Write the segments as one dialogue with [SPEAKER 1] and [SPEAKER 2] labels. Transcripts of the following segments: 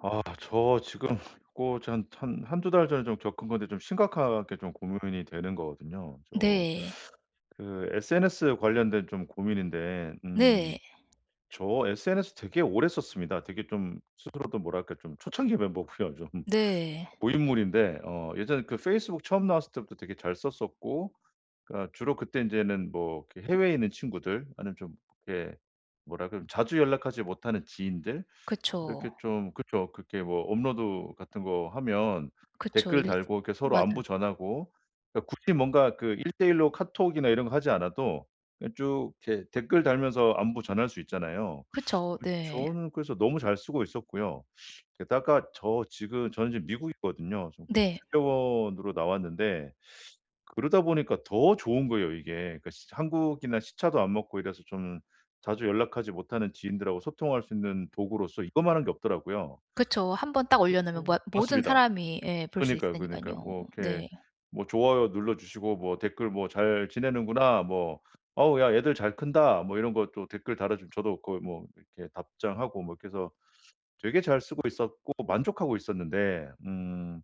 [SPEAKER 1] 아 나 저 지금 고 전 한 한 1-2 달 전에 좀 겪은 건데 좀 심각하게 좀 고민이 되는 거거든요. 저
[SPEAKER 2] 네.
[SPEAKER 1] 그 SNS 관련된 좀 고민인데 음
[SPEAKER 2] 네.
[SPEAKER 1] 저 SNS 되게 오래 썼습니다. 되게 좀 스스로도 뭐랄까 좀 초창기 멤버고요. 좀
[SPEAKER 2] 네.
[SPEAKER 1] 고인물인데 어 예전에 그 페이스북 처음 나왔을 때부터 되게 잘 썼었고, 그니까 주로 그때 인제는 뭐 그 해외에 있는 친구들, 아니면 좀 예 뭐랄까 자주 연락하지 못하는 지인들,
[SPEAKER 2] 그쵸.
[SPEAKER 1] 이렇게 좀 그렇죠 그렇게 뭐 업로드 같은 거 하면
[SPEAKER 2] 그쵸.
[SPEAKER 1] 댓글
[SPEAKER 2] 일
[SPEAKER 1] 달고 이렇게 서로
[SPEAKER 2] 맞아요.
[SPEAKER 1] 안부 전하고 그니까 굳이 뭔가 그 1:1 로 카톡이나 이런 거 하지 않아도 그냥 쭉 이렇게 댓글 달면서 안부 전할 수 있잖아요.
[SPEAKER 2] 그쵸.
[SPEAKER 1] 그
[SPEAKER 2] 네.
[SPEAKER 1] 저는 그래서 너무 잘 쓰고 있었고요. 게다가 저 지금 저는 지금 미국에 있거든요. 저 그
[SPEAKER 2] 네.
[SPEAKER 1] 주재원으로 나왔는데, 그러다 보니까 더 좋은 거예요 이게. 그니까 진짜 한국이나 시차도 안 맞고 이래서 좀 자주 연락하지 못하는 지인들하고 소통할 수 있는 도구로서 이거만 한 게 없더라고요.
[SPEAKER 2] 그쵸. 1 번 딱 올려놓으면 뭐
[SPEAKER 1] [unintelligible]
[SPEAKER 2] 모든
[SPEAKER 1] 맞습니다.
[SPEAKER 2] 사람이 예 볼 수
[SPEAKER 1] 그러니까요, 그러니까요.
[SPEAKER 2] 있으니깐요.
[SPEAKER 1] 뭐 이렇게
[SPEAKER 2] 네.
[SPEAKER 1] 뭐 좋아요 눌러주시고 뭐 댓글 뭐 "잘 지내는구나." 뭐 "어우 야 얘들 잘 큰다." 뭐 이런 것도 댓글 달아주면 저도 그 뭐 이렇게 답장하고 뭐 이렇게 해서, 되게 잘 쓰고 있었고 만족하고 있었는데 음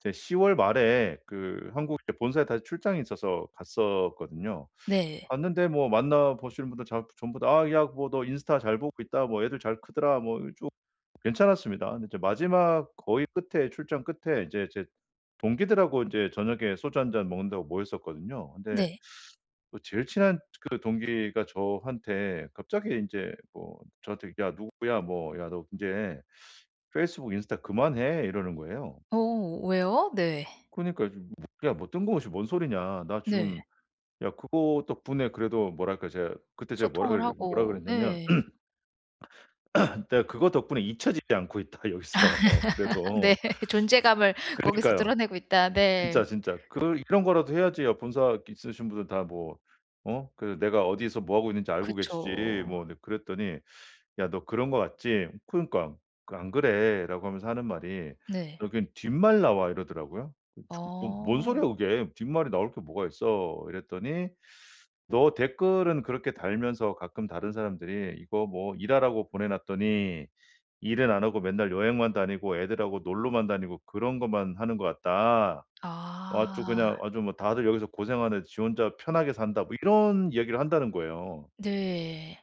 [SPEAKER 1] 제 10 월 말에 그 한국에 이제 본사에 다시 출장이 있어서 갔었거든요.
[SPEAKER 2] 네.
[SPEAKER 1] 갔는데 뭐 만나보시는 분들 전 전부 다 "아 야 뭐 너 인스타 잘 보고 있다. 뭐 애들 잘 크더라." 뭐 좀 괜찮았습니다. 근데 이제 마지막 거의 끝에 출장 끝에 이제 제 동기들하고 인제 저녁에 소주 1 잔 먹는다고 모였었거든요. 근데
[SPEAKER 2] 네.
[SPEAKER 1] 그 제일 친한 그 동기가 저한테 갑자기 인제 뭐 저한테 "야 누구야. 뭐 야 너 인제 페이스북, 인스타 그만해." 이러는 거예요.
[SPEAKER 2] 오 왜요? 네.
[SPEAKER 1] 그니까요. 무 "야 뭐 뜬금없이 뭔 소리냐. 나
[SPEAKER 2] 네.
[SPEAKER 1] 지금 야 그거 덕분에 그래도 뭐랄까? 이제" 그때 제가 뭐라
[SPEAKER 2] 소통을
[SPEAKER 1] 그 뭐라
[SPEAKER 2] 하고
[SPEAKER 1] 그랬냐면
[SPEAKER 2] 네.
[SPEAKER 1] "내가 그거 덕분에 잊혀지지 않고 있다. 여기서
[SPEAKER 2] 네.
[SPEAKER 1] 그래도."
[SPEAKER 2] 존재감을 거기서
[SPEAKER 1] 그러니까요.
[SPEAKER 2] 드러내고 있다.
[SPEAKER 1] 진짜,
[SPEAKER 2] 네.
[SPEAKER 1] 진짜 "그 이런 거라도 해야지. 야 본사 있으신 분들 다 뭐 어 그 내가 어디서 뭐 하고 있는지 알고 계시지."
[SPEAKER 2] 그쵸.
[SPEAKER 1] 뭐 네 그랬더니 "야, 너 그런 것 같지?" 그러니까 그 "안 그래."라고 하면서 하는 말이
[SPEAKER 2] 네.
[SPEAKER 1] "여긴 뒷말 나와." 이러더라고요. "뭐 뭔 소리야?
[SPEAKER 2] 어.
[SPEAKER 1] 그게 뒷말이 나올 게 뭐가 있어?" 이랬더니 "너 댓글은 그렇게 달면서 가끔 다른 사람들이 이거 뭐 일하라고 보내놨더니 일은 안 하고 맨날 여행만 다니고 애들하고 놀러만 다니고 그런 것만 하는 것 같다. 아주
[SPEAKER 2] 아.
[SPEAKER 1] 그냥 아주 뭐 다들 여기서 고생하는데 지 혼자 편하게 산다." 뭐 이런 이야기를 한다는 거예요.
[SPEAKER 2] 네.